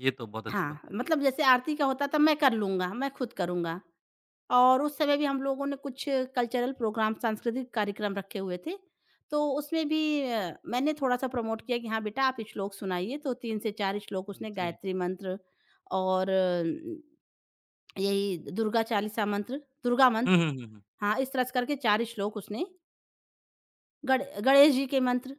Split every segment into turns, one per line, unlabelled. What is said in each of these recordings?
ये तो बहुत अच्छी
हाँ,
बात है।
मतलब जैसे आरती का होता तो मैं कर लूँगा मैं खुद करूँगा और उस समय भी हम लोगों ने कुछ कल्चरल प्रोग्राम सांस्कृतिक कार्यक्रम रखे हुए थे तो उसमें भी अ, मैंने थोड़ा-सा प्रमोट किया कि हाँ, बेटा आप श्लोक सुनाइए तो 3 से 4 श्लोक उसने
जी।
गायत्री मंत्र और यही दुर्गा चालीसा मंत्र दुर्गा
हुँ,
मंत्र
हुँ, हुँ, हुँ।
हाँ, इस तरह से करके 4 श्लोक उसने गणे गणेश जी के मंत्र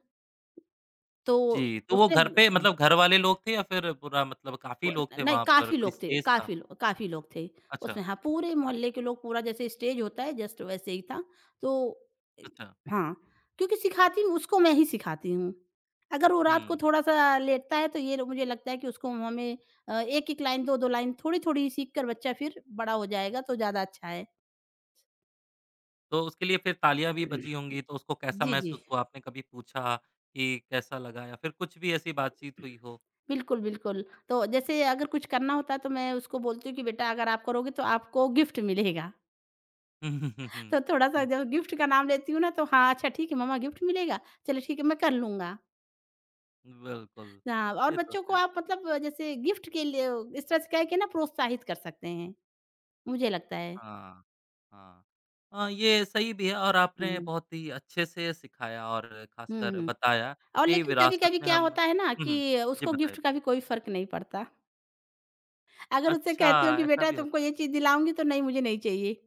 तो
जी, तो वो
उसने
घर
मतलब
पे
हाँ।
मतलब घर वाले लोग थे या फिर पूरा मतलब काफ़ी
वो
लोग
न
थे
नहीं
वहाँ पर
काफ़ी
कोई
लोग थे।
स्पेस था?
काफ़ी लो काफ़ी लोग थे
अच्छा।
उसमें हाँ, पूरे मोहल्ले के लोग पूरा जैसे स्टेज होता है जस्ट वैसे ही था। तो इ
अच्छा।
हाँ क्योंकि सिखाती हूँ उसको मैं ही सिखाती हूँ, अगर वो रात को
हुँ।
थोड़ा-सा लेटता है तो ये लो मुझे लगता है कि उसको मुँह में अ, 1-1 लाइन 2-2 लाइन थोड़ी-थोड़ी सीख कर बच्चा फिर बढ़ा हो जाएगा तो ज़्यादा अच्छा है।
तो उसके लिए फिर तालियाँ भी बजी होंगी तो उसको कैसा
जी, जी।
महसूस हुआ? आपने कभी पूछा कि कैसा लगा या फिर कुछ भी ऐसी बातचीत हुई हो?
बिल्कुल, बिल्कुल, तो जैसे अगर कुछ करना होता तो मैं उसको बोलती हूँ कि बेटा अगर आप करोगे तो आपको गिफ्ट मिलेगा।
हुँ, हुँ, हुँ, हुँ,
तो थोड़ा-सा
हुँ।
जब गिफ्ट का नाम लेती हूँ ना तो हाँ, अच्छा ठीक है मम्मा गिफ्ट मिलेगा? चलो ठीक है मैं कर लूँगा।
बिल्कुल,
हाँ। और
ये तो
बच्चों को
है।
आप मतलब जैसे गिफ्ट के लिए इस तरह से कह के ना प्रोत्साहित कर सकते हैं, मुझे लगता है।
हाँ, हाँ। हाँ, ये सही भी है और आपने
हुँ।
बहुत ही अच्छे से सिखाया और
हुँ,
ख़ासकर
हुँ।
बताया
और
कि
लेकिन
विरासत
कभी-कभी
में
क्या
हम
होता है ना
हुँ, हुँ,
कि
जी,
उसको गिफ्ट
बताएँ।
का भी कोई फ़र्क नहीं पड़ता। अगर उससे
अच्छा
कहती हूँ कि
ऐसा
बेटा
भी
तुमको
होता है?
ये चीज़ दिलाऊँगी तो, नहीं मुझे नहीं चाहिए।